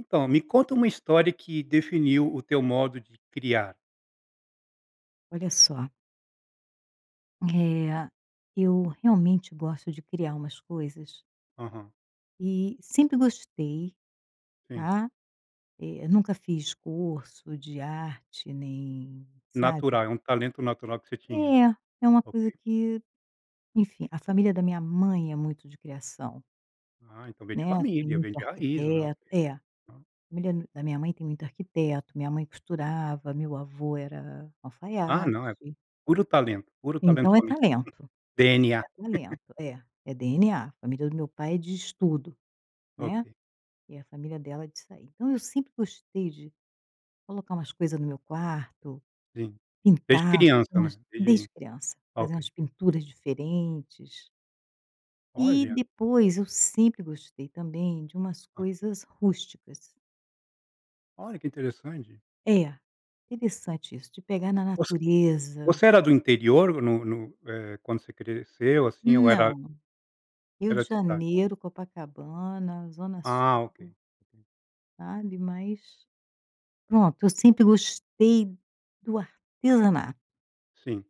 Então, me conta uma história que definiu o teu modo de criar. Olha só eh, eu realmente gosto de criar umas coisas Aham. e sempre gostei, Sim. tá. Eh, nunca fiz curso de arte nem sabe. Natural. É um talento natural que você tinha. É. É uma coisa Ok. que enfim. A família da minha mãe é muito de criação. Ah, então vem de Né. Tem família! Vem muito de raiz não há o arquiteto é. A que né. família d da minha mãe tem muito arquiteto, minha mãe costurava, meu avô era Ah, alfaiate. não, é puro talento. Puro Então talento é somente. talento. DNA. É talento. É, é DNA. A família do meu pai é de estudo, né. Ok. E a família dela é disso aí. Então eu sempre gostei de colocar umas coisa no meu quarto, Sim. Desde pintar, fazer criança, umas né. desde Desde criança. Fazer Ok. umas pinturas diferentes e Olha! depois eu sempre gostei também de umas Ah. coisas rústicas. Olha que interessante. É, interessante isso, de pegar na Você natureza. você era do interior no no eh, quando você cresceu assim, ou era Não, Rio Era de de cidade. Janeiro, Copacabana, zona Ah, sul. ok. Uhum. sabe, mas, pronto, eu sempre gostei do artesanato. Sim.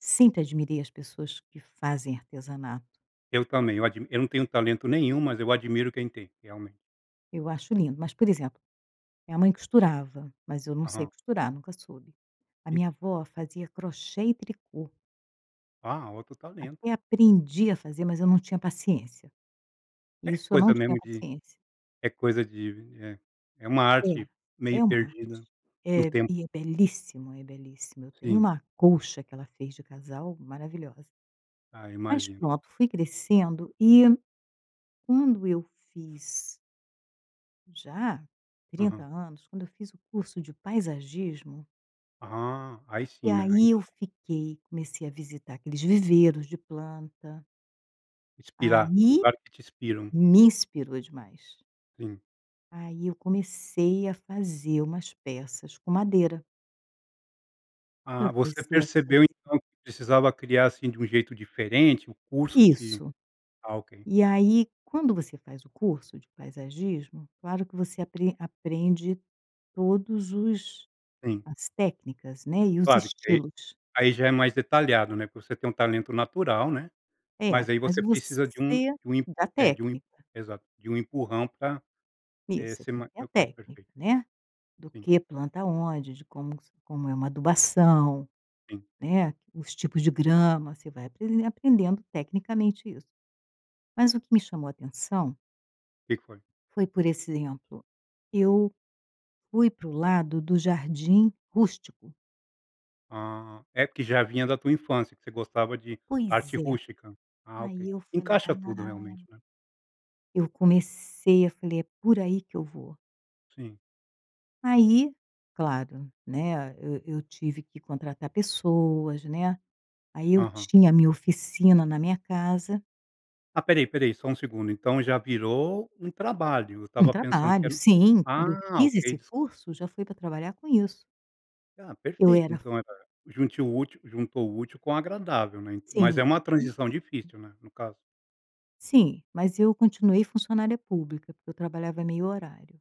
Sempre admirei as pessoas que fazem artesanato. Eu também, eu admi eu não tenho talento nenhum, mas eu admiro quem tem, realmente. Eu acho lindo, mas por exemplo, minha mãe costurava, mas eu não sei Aham. costurar, nunca soube. A En minha avó fazia crochê e tricô. Ah, outro talento. Até aprendi a fazer, mas eu não tinha paciência, É isso eu não coisa tinha mesmo de paciência. é coisa de vi eh, é uma É arte meio é uma arte, perdida no eh, tempo. e é belíssimo, é belíssimo, eu tenho Sim. uma colcha que ela fez de casal, maravilhosa. Ah, Mas imagino. pronto, fui crescendo e quando eu fiz já 30 Aham. anos, quando eu fiz o curso de paisagismo Aham aí E sim, né. Aí aí eu fiquei, comecei a visitar aqueles viveiros de planta. Inspirar, Aí, lugar que te inspiram. me inspirou demais. Sim. Aí eu comecei a fazer umas peças com madeira. Ah, Eu você comecei a percebeu, fazer então, que precisava criar, assim, de um jeito diferente, o curso te Isso! ah ok! E aí, quando você faz o curso de paisagismo, claro que você apren aprende todos os Sim. as técnicas, né, e os Claro que, aí estilos. aí já é mais detalhado, né, porque você tem um talento natural, né. É, Mas, aí mas, você precisa de um você de um em da é de um técnica. Exato! De um empurrão pra eh Isso você ser tem que mais ter a [unintelligible] técnica, perfeito. né. Do Sim. que planta onde de como como é uma adubação, Sim. né. Os tipos de grama, você vai aprender aprendendo tecnicamente isso. Mas o que me chamou atenção Que que foi? foi por exemplo, eu, fui para o lado do jardim rústico. Ah, é porque já vinha da tua infância que você gostava de arte Pois é, rústica. Ah aí ok, eu falei encaixa tudo realmente, ah né. eu comecei e falei: "É por aí que eu vou." Sim. Aí, claro, né, eu eu tive que contratar pessoas, né, aí eu Aham. tinha a minha oficina na minha casa. Ah espera aí espera aí, só um segundo, então já virou um trabalho, eu Um estava pensando que trabalho, era um sim, quando eu ah, fiz ok esse desculpa. curso já foi pra trabalhar com isso. Ah Eu perfeito era fun então, eh, junte o útil juntou o útil com o agradável, né, mas é Sim. uma transição difícil, né, no caso. Sim, mas eu continuei funcionária pública, porque eu trabalhava em 1/2 horário,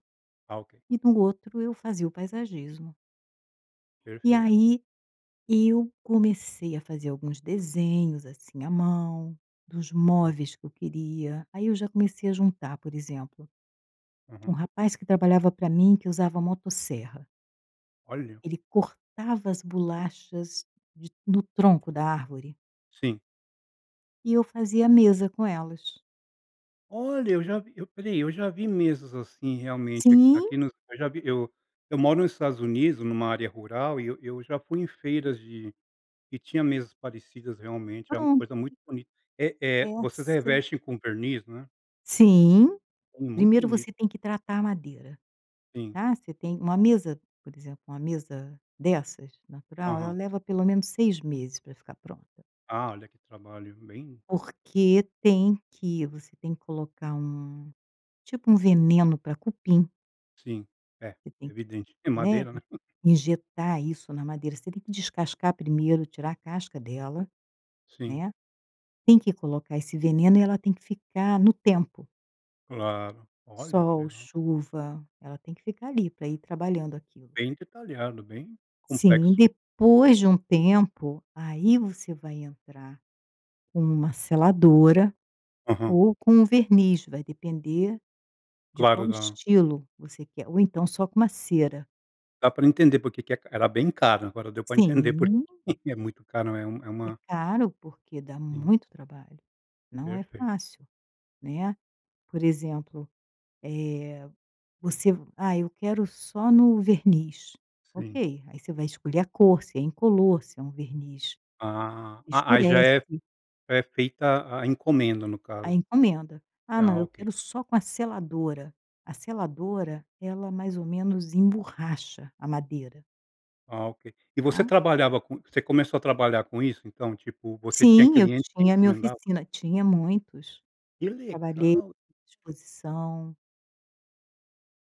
Ah, ok. e no outro eu fazia o paisagismo. E Perfeito. aí, eu comecei a fazer alguns desenhos, assim, à mão dos O móveis que eu queria, aí eu já comecei a juntar, por exemplo, tinha um Uhum. rapaz que trabalhava pra mim que usava motosserra. Olha. Ele cortava as bolachas de no tronco da árvore. Sim. E eu fazia mesa com elas. Olha, eu já vi eu olha aí, eu já vi mesas, assim, realmente aqui Sim. aqui nos eu já vi eu eu moro nos Estados Unidos numa área rural e eu eu já fui em feiras de que tinha mesas parecidas, realmente é uma Pronto. coisa muito bonita, eh eh, vocês Essa revestem com verniz, né? Sim, Com muito primeiro você bonito. tem que tratar a madeira, Sim. tá, você tem uma mesa por exemplo, uma mesa dessas natural ela Aham. leva pelo menos 6 meses pra ficar pronta. Ah, olha que trabalho bem Porque tem que você tem que colocar um, tipo, um veneno pra cupim. Sim, é, Você tem evidente. É né, madeira, né. in injetar isso na madeira. Você tem que descascar primeiro, tirar a casca dela, Sim. né, tem que colocar esse veneno e ela tem que ficar no tempo. Claro, olha que Sol, legal. chuva, ela tem que ficar ali pra ir trabalhando aquilo. Bem detalhado, bem Sim, complexo. depois de um tempo, aí você vai entrar com uma seladora Aham. ou com um verniz, vai depender de Claro, qual dá estilo você quer. Ou então, só com uma cera. Dá para entender porque que é ca era bem caro, agora deu para entender porque Sim. é muito caro. É um é É uma caro, porque dá Sim. muito trabalho, não é Perfeito. fácil, né. Por exemplo, eh, você v "ah, eu quero só no verniz", Sim. ok, aí você vai escolher a cor se é incolor, se é um verniz Ah, que a aí já é escurece. já é feita a encomenda no A caso. encomenda, "Ah não, Ah, eu ok. quero só com a seladora". A seladora ela mais ou menos emborracha a madeira. Ah, ok. E você Tá? trabalhava com você começou a trabalhar com isso? Então, tipo, você tinha Sim, eu clientes que tinha a minha encomendavam? oficina, tinha muitos. Que Trabalhei legal! exposição.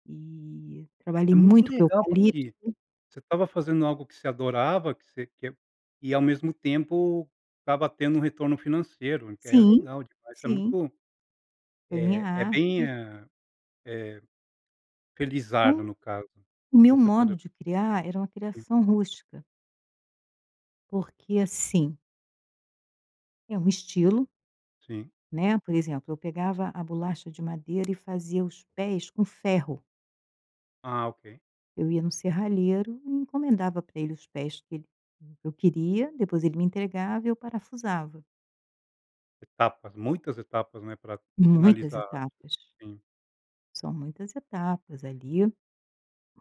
E É trabalhei muito muito com legal. eucalipto. Porque você estava fazendo algo que você adorava que você quer e ao mesmo tempo estava tendo um retorno financeiro, que aí é Sim, legal demais. Isso é sim. muito Foi minha eh, é bem, arte f eh eh, felizardo Então no caso, o meu você poder modo de criar, era uma Sim. criação rústica. Porque assim é um estilo Sim. né, por exemplo, eu pegava a bolacha de madeira e fazia os pés com ferro. Ah. Ok. Eu ia no serralheiro e encomendava pra eles os pés que ele que eu queria depois ele me entregava e eu parafusava. Etapas, muitas etapas, né, pra Muitas finalizar etapas. Sim. São muitas etapas, ali.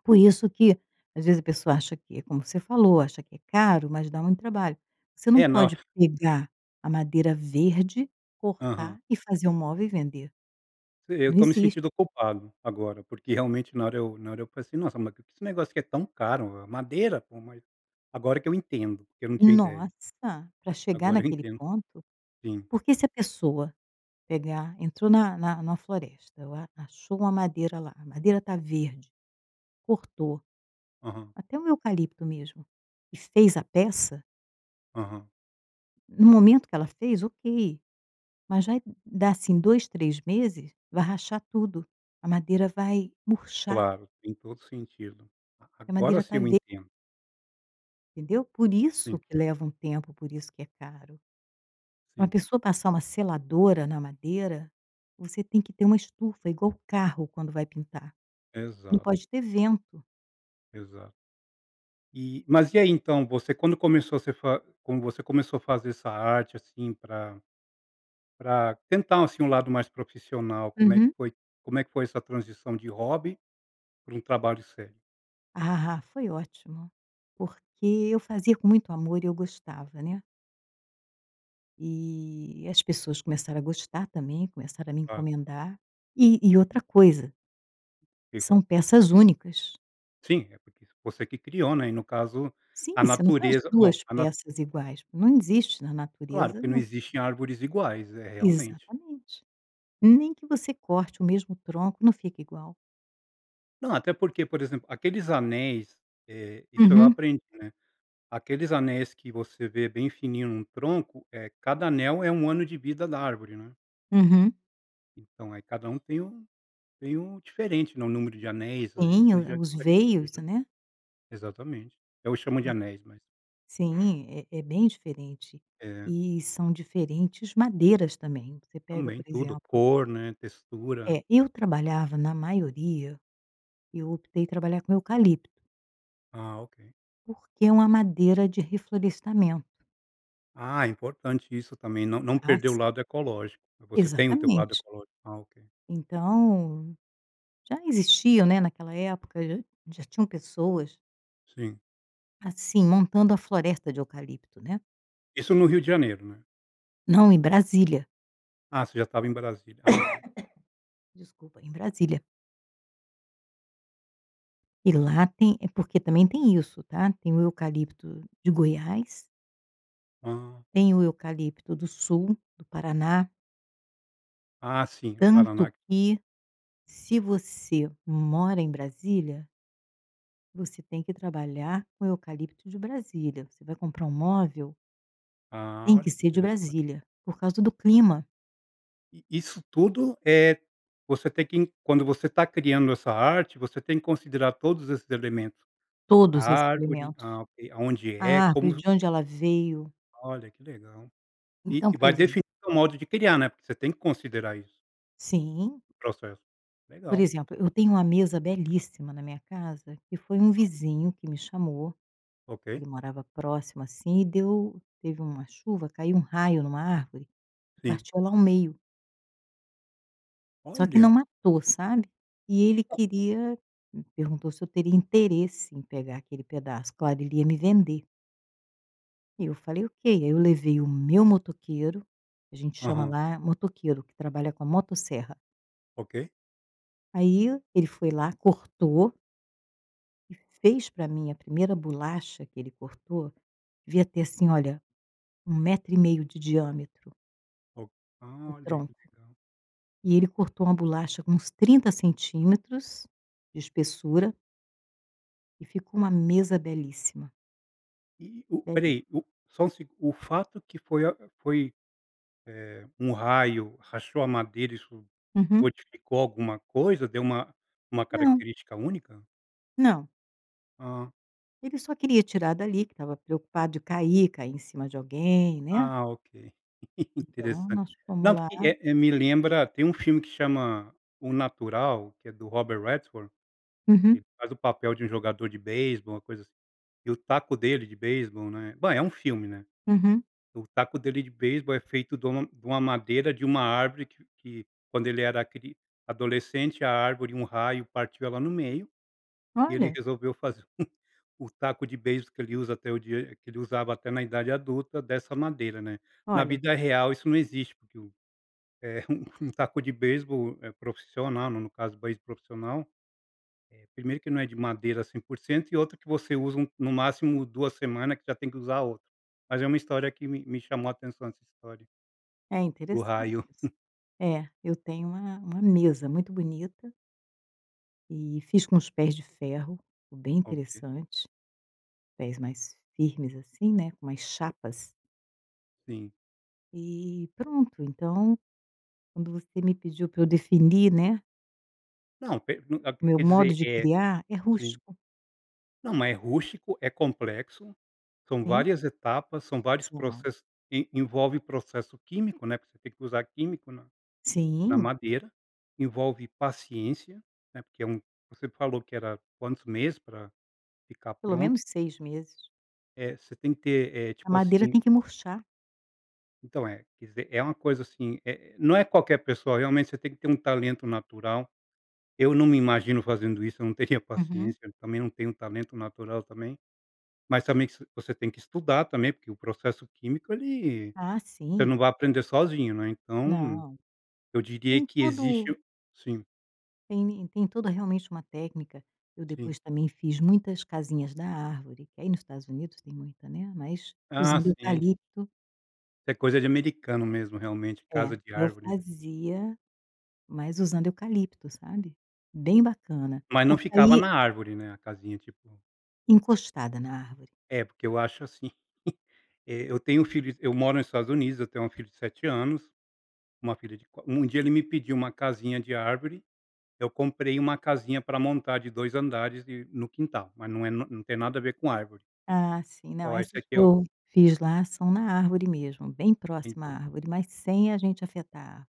Por isso que, às vezes a pessoa acha que é como você falou "acha que é caro", mas dá muito trabalho. Você não É, na hora pode pegar, a madeira verde cortar Aham. e fazer um móvel e vender. E eu Não tô me existe. sentido ocupado, agora. Porque, realmente na hora eu na hora eu falei assim: "Nossa, porque, esse negócio aqui é tão caro?" é madeira, pô. Mas, agora que eu entendo, que eu não tinha ideia. Nossa! Pra chegar Agora eu naquele entendo. ponto. Sim. Porque se a pessoa, pegar entrou na na na floresta, ela achou uma madeira lá, a madeira tá verde. Cortou. Aham. Até um eucalipto mesmo, e fez a peça Aham. no momento que ela fez, ok! Mas vai dar, assim, 2, 3 meses, vai rachar tudo, a madeira vai murchar. Claro, tem todo sentido. A Que a agora madeira sim tá eu ver entendo. Entendeu? Por Sim. isso que leva um tempo, por isso que é caro. Uma Sim. pessoa passar uma seladora na madeira, você tem que ter uma estufa igual o carro quando vai pintar. Não Exato. pode ter vento. Exato. E mas e aí, então você quando começou você fa quando você começou a fazer essa arte, assim, pra pra tentar, assim, um lado mais profissional, como é que Uhum. foi como é que foi essa transição de hobby para um trabalho sério? Ah, foi ótimo. Porque eu fazia com muito amor e eu gostava, né. E as pessoas começaram a gostar também, começaram a me Ah. encomendar e e outra coisa Que foi? são peças únicas. Sim. É porque isso você que criou, né. E no caso, Sim, a você não faz natureza bom, 2 a na peças iguais. Não existe na Claro, natureza, que não né. existem árvores iguais, eh, realmente. Exatamente. Nem que você corte o mesmo tronco não fica igual. Não, até porque, por exemplo, aqueles anéis eh, isso eu Uhum. aprendi, né, aqueles anéis que você vê bem fininho num tronco, eh, cada anel é um ano de vida da árvore, né. Uhum. Então aí cada tem um tem um diferente, né, o número de anéis, Sim, isso o já o os diferencia veios, já. né. Exatamente. Eu chamo de É anéis, mas sim, é é bem diferente. É. E são diferentes madeiras também, você pega, Também, por tudo, exemplo cor, né, textura É, eu trabalhava na maioria eu optei trabalhar com eucalipto. Ah ok. Porque é uma madeira de reflorestamento. Ah, é importante isso também, não não Ah perder o sim. lado ecológico, e você tem o teu lado Exatamente. ecológico? Ah ok. Então, já existia, né, naquela época já já tinham pessoas Sim. assim, montando a floresta de eucalipto, né. Isso no Rio de Janeiro, né. Não, em Brasília. Ah, você já estava em Brasília, ah ok. Desculpa, em Brasília. E lá tem é porque também tem isso tá, tem o eucalipto de Goiás. Hã. Tem o eucalipto do Sul, do Paraná. Ah sim, o Paraná Tanto que, se você mora em Brasília você tem que trabalhar com eucalipto de Brasília, você vai comprar um móvel Ah, tem que olha que ser de interessante. Brasília, por causa do clima. E isso tudo, eh, você tem que quando você está criando essa arte, você tem que considerar todos esses elementos. A Todos esses árvore, elementos. ah ok, aonde é, A como árvore vo de onde ela veio. Olha que legal. E Então e por vai exemplo definir o modo de criar, né, porque você tem que considerar isso Sim. o processo. Por Legal. exemplo, eu tenho uma mesa belíssima na minha casa, que foi um vizinho que me chamou, Ok. ele morava próximo, assim e deu teve uma chuva caiu um raio em uma árvore, Sim. partiu ela ao meio Só que não Olha. matou sabe, e ele queria me perguntou se eu teria interesse em pegar aquele pedaço claro, ele ia me vender. E eu falei: "Ok." Aí eu levei o meu motoqueiro, que a gente chama Aham. lá é motoqueiro que trabalha com a motosserra. Ok. Aí ele foi lá, cortou. E fez pra mim, a primeira bolacha que ele cortou, devia ter assim olha, um 1,5 de diâmetro O o ah, olha, tronco. que legal. E ele cortou uma bolacha com uns 30 centímetros de espessura. E ficou uma mesa belíssima. E o Belíssima. peraí. O só um segu O fato que foi a foi, eh, um raio rachou a madeira isso, Uhum. modificou alguma coisa, deu uma uma Não. característica única? Não. Ah. Ele só queria tirar dali que estava preocupado de cair, cair em cima de alguém, né. Ah ok, Então, interessante. nós fomos Não, lá. porque, eh eh, me lembra tem um filme que chama O Natural, que é do Robert Redford, que Uhum. ele faz o papel de um jogador de beisebol, uma coisa assim. E o taco dele de beisebol, né, bem, é um filme, né. Uhum. E o taco dele de beisebol é feito de uma de uma madeira de uma árvore que que quando ele era cri adolescente a árvore um raio partiu ela no meio, e ele Olha. resolveu fazer um o taco de beisebol que ele usa até o dia que ele usava até na idade adulta dessa madeira, né. Na Olha. vida real isso não existe, porque o eh, um um um taco de beisebol, eh, profissional, no no no caso do beisebol profissional, eh, primeiro que não é de madeira 100% e outra que você usa um no máximo, 2 semanas que já tem que usar outro. Mas é uma história que me me chamou atenção essa história É do interessante raio. isso. É, eu tenho uma uma mesa muito bonita. E fiz com os pés de ferro, ficou bem Ok. interessante, pés mais firmes assim, né, com umas chapas. Sim. E pronto, então quando você me pediu pra eu definir, né. Não per não a O p meu quer modo dizer, de eh criar é sim. rústico. Não, mas é rustico, é complexo, são Sim. várias etapas, são vários São. processos que envolve processo químico, né. Porque você tem que usar químico na na Sim. madeira, envolve paciência, né, porque é um você falou que era quantos meses para ficar Pelo pronto? menos 6 meses. É, você tem que ter, eh, A tipo madeira assim tem que murchar. Então, é, quer dizer, é uma coisa, assim, eh, não é qualquer pessoa, realmente você tem que ter um talento natural. Eu não me imagino fazendo isso, eu não teria Uhum. paciência, também não tenho talento natural também. Mas também se você tem que estudar também, porque o processo químico ele Ah, você não sim. vai aprender sozinho, né. Então, Não, eu diria tem que todo existe o sim. Tem, né, tem toda realmente uma técnica, eu Sim. depois também fiz muitas casinhas da árvore. Que aí nos Estados Unidos tem muita, né, mas Ah, usando sim, de eucalipto É coisa de americano mesmo, realmente, casa É, de eu árvore, né. fazia, mas usando eucalipto, sabe. Bem bacana, Mas não porque ficava aí na árvore, né, a casinha? Tipo Encostada na árvore. É, porque eu acho assim eh, eu tenho filhos eu moro nos Estados Unidos, eu tenho um filho de 7 anos, uma filha de qua um dia ele me pediu uma casinha de árvore, eu comprei uma casinha pra montar de 2 andares e no quintal, mas não é não não tem nada a ver com árvore. Ah, sim, não. Ó, esse Essas que aqui é o eu fiz lá são na árvore mesmo, bem En próxima à árvore, mas sem a gente afetar a árvore.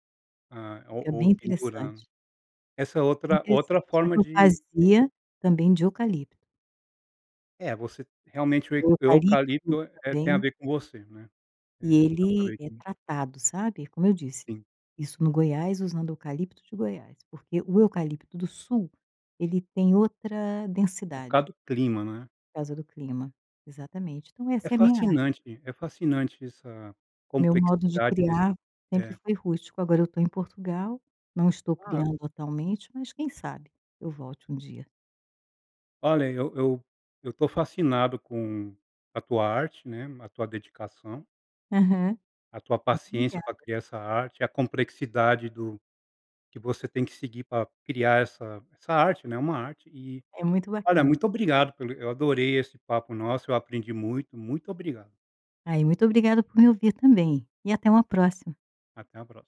Ah, ou Fica ou bem pendurando. interessante. Essa é outra outra Interessante. Só forma que eu de fazia também de eucalipto. É, você realmente o e O eucalipto eucalipto, eh eh, tem a também ver com você, né. E É, dá pra ele ver é que tratado, sabe, é como eu disse, Sim. isso no Goiás usando eucalipto de Goiás, porque o eucalipto do Sul, ele tem outra É por densidade. causa do clima, né. Por causa do clima, exatamente, então É essa é a minha arte. fascinante, é fascinante essa Meu modo de complexidade desse criar sempre é. foi rústico. Agora eu tô em Portugal, não estou Ah ah criando atualmente, mas quem sabe eu volte um dia. Olha, eu eu eu tô fascinado com a tua arte, né, a tua dedicação Aham, a tua muito paciência obrigada. pra criar essa arte, a complexidade do que você tem que seguir pra criar essa essa arte, né, é uma arte e, É muito olha, bacana. muito obrigado pelo eu adorei esse papo nosso, eu aprendi muito, muito obrigado. Ah, e muito obrigada por me ouvir também e até uma próxima. Até a próxima.